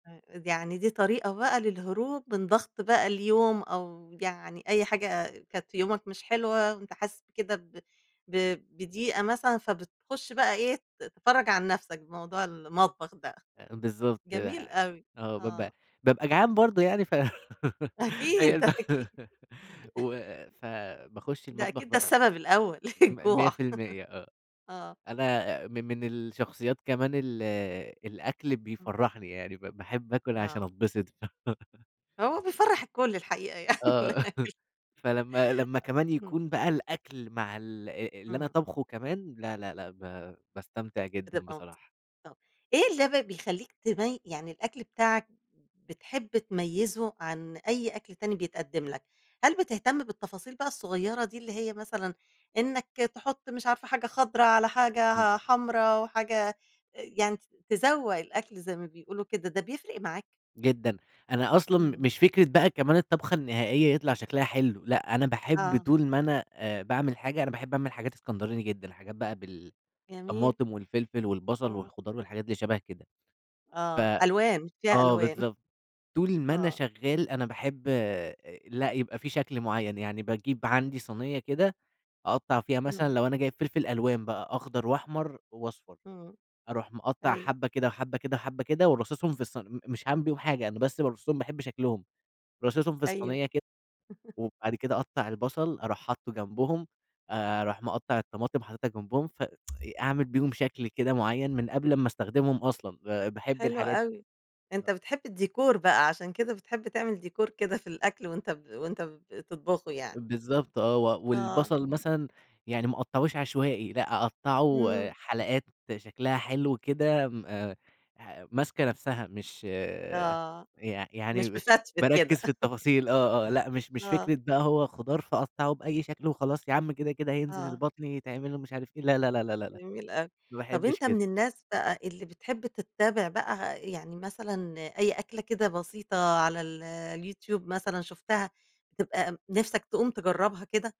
امم، يعني دي طريقة بقى للهروب من ضغط بقى اليوم أو يعني أي حاجة كانت في يومك مش حلوة، وأنت حاسس بكده ب ب بضيقة مثلًا، فبتخش بقى إيه ت تفرَج عن نفسك بموضوع المطبخ ده، آآ، بالضبط جميل أوي، آه، بابقى آه. بابقى جعان برضه يعني ف أكيد، هي أكيد. و فباخش ده المطبخ أكيد ده بقى، السبب الأول ميّة الجوع، في الميّة آه، آه. أنا من من الشخصيات كمان ال الأكل إمم. بيفرحني يعني ب باحب آكل عشان آه. أتبسط. هو بيفرّح الكل الحقيقة يعني. آه [unintelligible] فلمّا لمّا كمان امم. يكون بقى الأكل مع ال اللي أنا إمم. طابخه كمان، لا، لا، لأ ب باستمتع جدًا بتبقى مبس بصراحة. [unintelligible] إيه ال بقى بيخلّيك تبي يعني الأكل بتاعك بتحب تميزه عن أي أكل تاني بيتقدم لك، هل بتهتم بالتفاصيل بقى الصغيرة دي اللي هي مثلًا إنك تحط مش عارفة حاجة خضرا على إمم. حاجة حمرا وحاجة يعني تزوق الأكل زي ما بيقولوا كده ده بيفرق معاك؟ جدًا، أنا أصلًا إمم. مش فكرة بقى كمان الطبخة النهائية يطلع شكلها حلو، لأ أنا باحب آه طول ما أنا آآ، باعمل حاجة، أنا باحب أعمل حاجات إسكندراني جدًا، حاجات بقى جميل. بالطماطم والفلفل والبصل آه. والخضار والحاجات دي شبه كده. ف آه، ألوان، فيها آه، ألوان. بالضبط، طول ما أنا آه. شغال أنا باحب لأ يبقى في شكل معين، يعني باجيب عندي صَينية كده أقطّع فيها إمم. مثلًا لو أنا جايب فلفل ألوان بقى أخضر وأحمر وأصفر، إمم، أروح مقطع أيوه. حبة كده، وحبة كده، وحبة كده وراصصهم في الص م مش هاعمل بيهم حاجة أنا بس بارصُهم باحب شكلهم، راصصهم في أيوه. الصينية كده، وبعد كده أقطّع البصل أروح حاطّه جنبهم آآ، أروح مقطع الطماطم حاططها جنبهم ف أعمل بيهم شكل كده معين من قبل امّا أستخدمهم أصلًا ب باحب حلو الحاجات أوي، أنت بتحب الديكور بقى، عشان كده بتحب تعمل ديكور كده في الأكل وأنت ب وأنت بتطبخه يعني. بالضبط آه، و آه. والبصل مثلًا يعني ما أقطّعوش عشوائي لأ، أقطّعه إمم. حلقات شكلها حلو كده م ح ماسكة نفسها، مش آه، يع مش يعني مفتفت باركز كده. في التفاصيل، آه، آه، لأ مش مش آه. فكرة بقى هو خضار فاقطّعه بأي شكل وخلاص يا عم كده، كده هينزل آه. البطن يتعمل ومش عارف ايه لا، لا، لا، لا، لا، لا جميل أوي، ما طَب باحبش أنت كده. من الناس بقى اللي بتحب تتابع بقى يعني مثلًا أي أكلة كده بسيطة على ال اليوتيوب مثلًا شُفتها تبقى نفسك تقوم تجربها كده؟